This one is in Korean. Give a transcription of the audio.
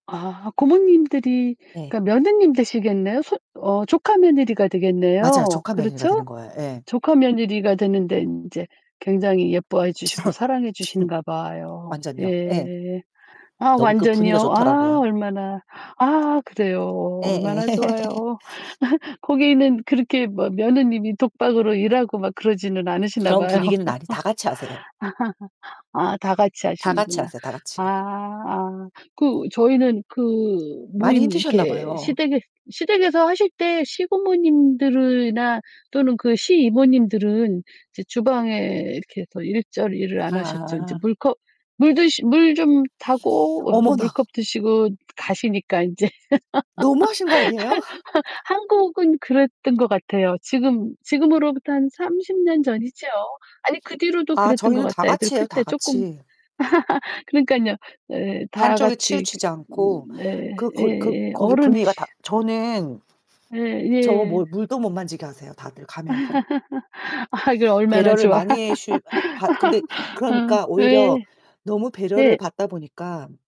아 고모님들이 네. 그러니까 며느님 되시겠네요? 손 어 조카 며느리가 맞아요. 되겠네요. 조카 며느리가 되는 그렇죠? 거예요. 예. 조카 며느리가 되는데 인제 굉장히 예뻐해 주시고 사랑해 주시는가 봐요. 완전요. 예. 예. 아 너무 그 완전히요. 분위기가 아 좋더라고요. 얼마나 아 그래요. 예예. 얼마나 좋아요. 거기는 그렇게 뭐 며느님이 독박으로 일하고 막 그러지는 않으시나 그런 봐요. 분위기는 아니 다 같이 하세요. 아 다 같이 다 같이 하시는구나. 하세요 다 같이. 아아. 그 저희는 그 많이 모임 힘드셨나 이렇게 봐요. 시댁에 시댁에서 하실 때 시부모님들이나 또는 그 시이모님들은 이제 주방에 이렇게 해서 일절 일을 안 하셨죠. 이제 아아. 물컵 물 드시 물 좀 타고 어 그 어머나. 물컵 드시고 가시니까 인제. 너무 하신 거 아니에요? 한 한 한국은 그랬던 것 같아요. 지금 지금으로부터 한 30 년 전이죠? 아니 그 뒤로도 아 그랬던 것 저희는 다 같아요. 애들 같이 클 해요 다 때 쪼끔 같이. 그러니깐요. 네 다 한쪽에 같이 치우치지 않고 네 그 거 그 예예. 거기 분위기가 어른이시 다 저는 바 예 저 예. 뭐 물도 못 만지게 하세요 다들 가면은. 아 이게 얼마나 배려를 좋아. 많이 해 주 받 근데 아 그러니까 오히려 네. 너무 배려를 예. 받다 보니까